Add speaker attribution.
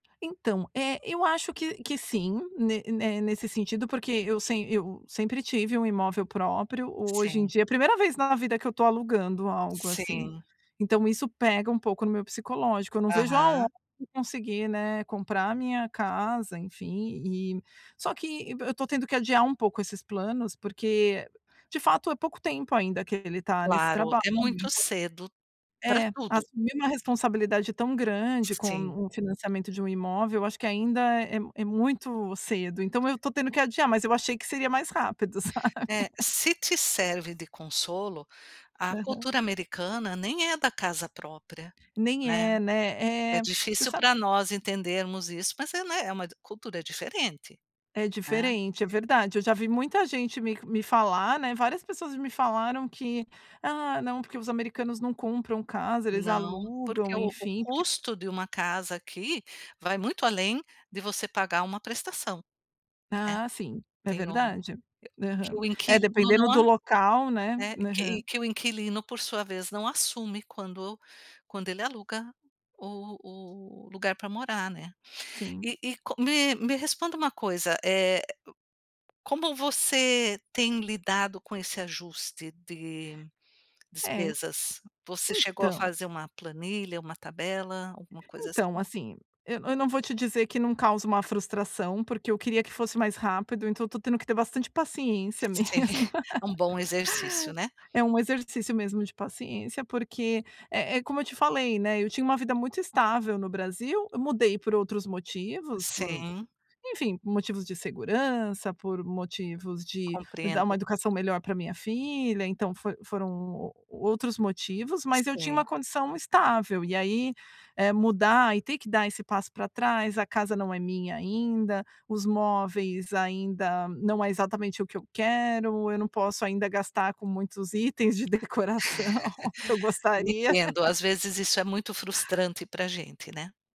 Speaker 1: Então, é, eu acho que que sim, ne ne nesse sentido, porque eu sem eu sempre tive um imóvel próprio, o hoje em
Speaker 2: Sim.
Speaker 1: dia é a primeira vez na vida que eu tô alugando algo, assim.
Speaker 2: Sim.
Speaker 1: Então, isso pega um pouco no meu psicológico, eu não vejo a ho
Speaker 2: Aham.
Speaker 1: de conseguir, né, comprar a minha casa, enfim, e Só que be eu tô tendo que adiar um pouco esses planos, porque de fato é pouco tempo ainda que ele tá nesse
Speaker 2: Claro,
Speaker 1: trabalho,
Speaker 2: é muito
Speaker 1: então
Speaker 2: cedo pra
Speaker 1: É,
Speaker 2: tudo.
Speaker 1: assumir uma responsabilidade tão grande
Speaker 2: sim.
Speaker 1: como o financiamento de um imóvel, eu acho que ainda é é muito cedo, então, eu tô tendo que adiar, mas eu achei que seria mais rápido, sabe?
Speaker 2: É. Se te serve de consolo, a
Speaker 1: Aham.
Speaker 2: cultura americana nem é da casa própria,
Speaker 1: Nem
Speaker 2: né?
Speaker 1: é, né?
Speaker 2: É
Speaker 1: Eh, você
Speaker 2: difícil
Speaker 1: sa
Speaker 2: pra nós entendermos isso, mas é, né, é uma de cultura diferente.
Speaker 1: É
Speaker 2: Hã?
Speaker 1: diferente, é verdade, eu já vi muita gente me me falar, né, várias pessoas me falaram que: "Ah, não, porque os americanos não compram casa, eles
Speaker 2: Não, porque
Speaker 1: alugam,
Speaker 2: o o
Speaker 1: enfim, porque"
Speaker 2: custo de uma casa aqui, vai muito além de você pagar uma prestação, né.
Speaker 1: Ah, sim, é
Speaker 2: Tem um e
Speaker 1: verdade.
Speaker 2: que
Speaker 1: Aham.
Speaker 2: o
Speaker 1: É,
Speaker 2: inquilino
Speaker 1: dependendo
Speaker 2: não
Speaker 1: do
Speaker 2: a
Speaker 1: local, né?
Speaker 2: é
Speaker 1: Aham.
Speaker 2: que que o inquilino por sua vez, não assume quando quando ele aluga o o lugar pra morar, né.
Speaker 1: Sim.
Speaker 2: E e como Me me responda uma coisa, eh, co como você tem lidado com esse ajuste de
Speaker 1: É,
Speaker 2: despesas? Você chegou a
Speaker 1: então
Speaker 2: fazer uma planilha, uma tabela, alguma coisa
Speaker 1: então
Speaker 2: assim?
Speaker 1: assim, eu eu não vou te dizer que não causa uma frustração, porque eu queria que fosse mais rápido, então eu tô tendo que ter bastante paciência
Speaker 2: Te tem,
Speaker 1: mesmo.
Speaker 2: um bom exercício, né?
Speaker 1: É um exercício mesmo de paciência, porque é é como eu te falei, né. Eu tinha uma vida muito estável no Brasil, eu mudei por outros motivos, por
Speaker 2: Sim.
Speaker 1: enfim, motivos de segurança, por motivos de dar uma
Speaker 2: Compreendo.
Speaker 1: educação melhor pra minha filha. Então, foi foram u o outros motivos, mas eu tinha uma
Speaker 2: Sim.
Speaker 1: condição estável. E aí, eh, mudar e ter que dar esse passo pra trás, a casa não é minha ainda, os móveis ainda não é exatamente o que eu quero, eu não posso ainda gastar com muitos itens de decoração que eu gostaria.
Speaker 2: Entendo, às vezes, isso é muito frustrante pra gente, né?